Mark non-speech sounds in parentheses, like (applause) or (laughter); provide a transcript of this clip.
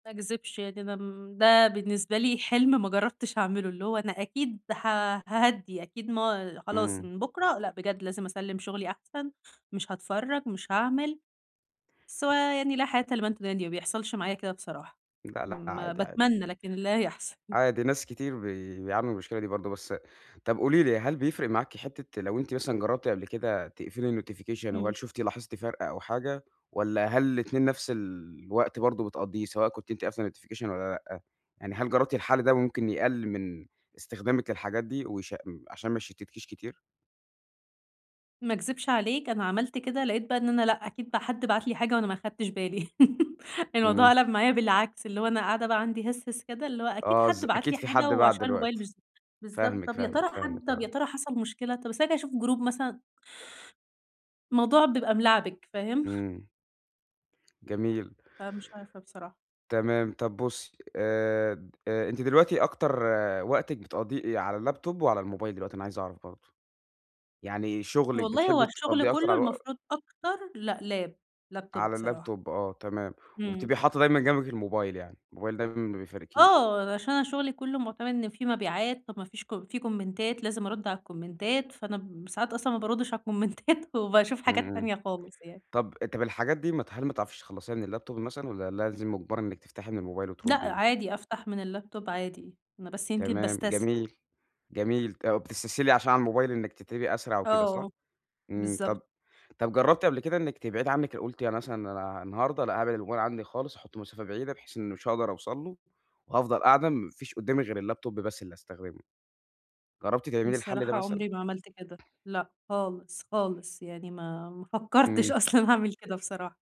ما أكذِبش يعني أنا م بقى بالنسبة لي حِلم ما جرّبتش اعمله، اللي هو أنا أكيد ه هاهدّي، أكيد ما أ خلاص إمم. من بُكرة لأ بجد لازم اسلِّم شُغلي أحسن، مش هاتفرّج، مش هاعمل، بس هو يعني لا حياة لمن تنادي، ما بيحصَلش معايا كده بصراحة لأ، لأ ما عادي، عادي. باتمنّى لكن لا يحصل. (chuckles) عادي ناس كتير بي بيعانوا من المشكلة دي برضه، بس أ طَب قولي لي هل بيفرِق معاكِ حِتّة لو أنتِ مثلًا جرّبتِ قبْل كده تقفلي الnotification وهل إمم. شُفتِ، لاحظتِ فَرق أو حاجة والّا هل الاتنين نفس الوقت برضه، بتقضّيه سواء كنتِ أنتِ قافلة الnotification والّا لأ، يعني هل جرّبتِ الحل ده ممكن يقلّل من إستخدامِك للحاجات دي ويش أم عشان ما يشتِّتكيش كتير؟ ما اكذِبش عليك أنا عملت كده، لقيت بقى إن أنا لأ، أكيد بقى حد بعت لي حاجة وأنا ما أخدتش بالي، (laughs) الموضوع إمم. قَلَب معايا بالعكس، اللي هو أنا قاعدة بقى عندي هِسهِس كده اللي هو أكيد آه ز حد بعَت أكيد لي في حاجة حد بعَت وعشان الmobile مش دلوقتي. ز بالضبط، فاهمِك، طَب يا فاهمِك، ترى فاهمِك، حد طَب يا آه. ترى حصَل مشكلة، طَب استنى كده اشوف الgroup مثلًا. الموضوع بيبقى ملَعبِك فاهم؟ إمم. جميل. فمش عارفة بصراحة. تمام. طَب بُصّي آآ د آآ، أنتِ دلوقتي أكتر وقتِك بتقضّيه إيه، يا على الlaptop وعلى الmobile دلوقتي، أنا عايز أعرَف برضه. يعني شغلِك والله هو بتحبي الشُغل تقضّيه أكتر كلّه على الو المفروض أكتر، لأ lap، laptop على بصراحة. الlaptop آه تمام، إمم. وبتبقي حاطّة دايمًا جنبِك الmobile يعني، الmobile دايمًا ما بيفارقكيش. آه، أنا عشان أنا شُغلي كلّه مُعتمِد إن في مبيعات، طَب ما فيش ك في كومنتات لازم ارد على الكومنتات فأنا ب ساعات أصلًا ما باردّش على الكومنتات وباشوف إمم، حاجات إمم، تانية خالص يعني. طَب أ طَب الحاجات دي ما ت هل ما تعرفش تخلّصيها من الlaptop مثلًا والّا لازم مُجبَرة إنِك تفتَحي من الmobile لأ وتردّي؟ عادي أفتح من الlaptop عادي، أنا بس يمكن تمام باستسهل. جميل، جميل، طَب بتستسهلي عشان على الmobile إنِك تكتبي أسرع وكده صح؟ آه. إمم، طَب بالضبط. طَب جرّبتِ قبل كده إنِك تبعِدي عنِك أ قُلتِ أنا مثلًا أنا النهارده لأ، هابعِد الmobile عندي خالص، هاحطّه في مسافة بعيدة بحيث إن مش هاقدَر أوصَل له وهافضَل قاعدة ما فيش قُدّامي غير الlaptop بس اللي استخدمه، جرّبتِ تعملي الحل ده بصراحة مثلًا؟ عُمري ما عملت كده، لأ خالص، خالص يعني ما ما فكّرتش إمم. أصلًا اعمل كده بصراحة.